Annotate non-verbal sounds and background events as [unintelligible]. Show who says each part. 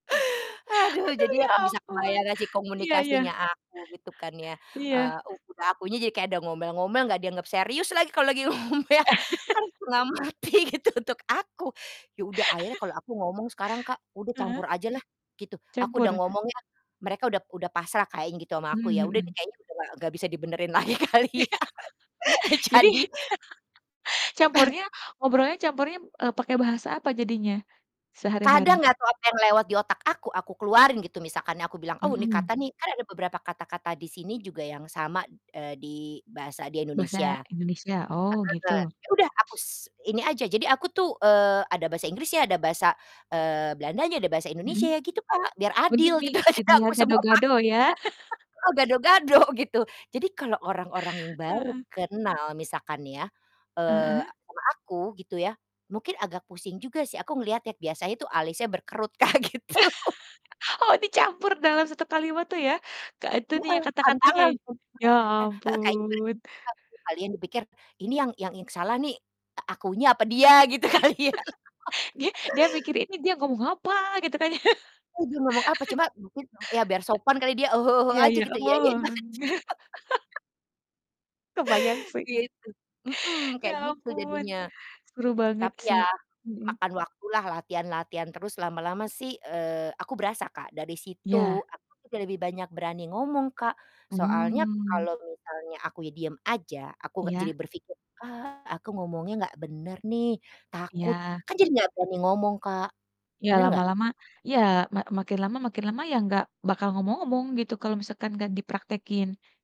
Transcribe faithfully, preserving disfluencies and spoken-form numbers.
Speaker 1: Aduh,
Speaker 2: Aduh,
Speaker 1: jadi
Speaker 2: ya
Speaker 1: aku bisa
Speaker 2: ampun,
Speaker 1: membayangkan sih
Speaker 2: iya iya.
Speaker 1: komunikasinya aku, gitu kan, ya.
Speaker 2: Iya.
Speaker 1: Eee, udah akunya jadi kayak ada ngomel-ngomel, nggak dianggap serius lagi kalau lagi ngomel
Speaker 2: [laughs]
Speaker 1: kan setengah mati, gitu, untuk aku. Ya udah, akhirnya kalau
Speaker 2: [laughs]
Speaker 1: aku ngomong sekarang, Kak, udah
Speaker 2: Heeh.
Speaker 1: campur ajalah, gitu, aku udah
Speaker 2: Campur.
Speaker 1: ngomongnya mereka udah udah pasrah, Kak, ya, gitu, sama aku,
Speaker 2: Mmm,
Speaker 1: ya udah deh,
Speaker 2: mhm.
Speaker 1: kayaknya udahlah nggak bisa dibenerin lagi, kali ya.
Speaker 2: [laughs]
Speaker 1: [laughs]
Speaker 2: Jadi
Speaker 1: Jadi
Speaker 2: [laughs]
Speaker 1: [chuckles]
Speaker 2: campurnya ngobrolnya campurnya, eee, pakai bahasa apa jadinya,
Speaker 1: Kadang
Speaker 2: sehari-hari?
Speaker 1: nggak tau apa yang lewat di otak aku, aku keluarin gitu, misalkan nih aku bilang, oh, ini
Speaker 2: Mhm.
Speaker 1: kata nih kan ada beberapa kata-kata di sini juga yang sama, eee, di bahasa di
Speaker 2: Bahasa
Speaker 1: Indonesia.
Speaker 2: Indonesia. Oh,
Speaker 1: [unintelligible]
Speaker 2: gitu.
Speaker 1: Ya, udah, aku s ini aja, jadi aku tuh, eee, ada bahasa Inggrisnya, ada bahasa, eee, Belandanya, ada bahasa
Speaker 2: Mhm.
Speaker 1: Indonesianya, gitu, Kak, biar
Speaker 2: Oh,
Speaker 1: adil gitu,
Speaker 2: di-mix.
Speaker 1: [laughs]
Speaker 2: gitu
Speaker 1: jadi
Speaker 2: ya,
Speaker 1: aku sema pak
Speaker 2: gado-gado, ya. [laughs]
Speaker 1: Heeh, gado-gado, gitu. Jadi kalo orang-orang yang baru
Speaker 2: Heeh.
Speaker 1: kenal, misalkan nih ya, eee,
Speaker 2: Heeh.
Speaker 1: sama aku, gitu ya, mungkin agak pusing juga sih. Aku ngelihatnya biasanya itu alisnya berkerut, Kak, gitu.
Speaker 2: [laughs] Oh, dicampur dalam satu kalimat tuh, ya? Ka itunya,
Speaker 1: Heeh,
Speaker 2: kata-katanya.
Speaker 1: tantangan tuh.
Speaker 2: Ya,
Speaker 1: [unintelligible] Heeh, kayaknya mereka
Speaker 2: ampun.
Speaker 1: mereka tuh kalian dipikir, ini yang yang yang salah nih, a akunya apa dia gitu kali, ya.
Speaker 2: [laughs] Dia
Speaker 1: [laughs]
Speaker 2: dia mikir, "Ini dia ngomong apa?", gitu kan ya.
Speaker 1: Eh, dia ngomong apa,
Speaker 2: [laughs]
Speaker 1: cuma mungkin dong ya, biar sopan kali dia, "Ah hah ah hah,"
Speaker 2: Iya
Speaker 1: aja
Speaker 2: iya.
Speaker 1: gitu,
Speaker 2: Oh.
Speaker 1: iya-iyain aja. [laughs]
Speaker 2: [laughs] Kebayang, sih.
Speaker 1: Gitu. Mhm,
Speaker 2: Ya,
Speaker 1: kayak gitu
Speaker 2: ampun.
Speaker 1: jadinya.
Speaker 2: Seru banget,
Speaker 1: Tapi ya,
Speaker 2: sih. Mhm.
Speaker 1: makan waktulah, latihan-latihan terus, lama-lama sih, eee, aku berasa, Kak, dari situ
Speaker 2: Iya.
Speaker 1: aku juga lebih banyak berani ngomong, Kak, soalnya
Speaker 2: Mmm.
Speaker 1: kalo misalnya akunya diem aja, aku nggak jadi
Speaker 2: Iya.
Speaker 1: berpikir, "Ah, aku ngomongnya nggak bener, nih, takut,"
Speaker 2: Iya.
Speaker 1: kan, jadi nggak berani ngomong, Kak,
Speaker 2: Iya,
Speaker 1: bener nggak?
Speaker 2: lama-lama iya, ma makin lama makin lama, ya, nggak bakal ngomong-ngomong, gitu, kalau misalkan nggak dipraktekin.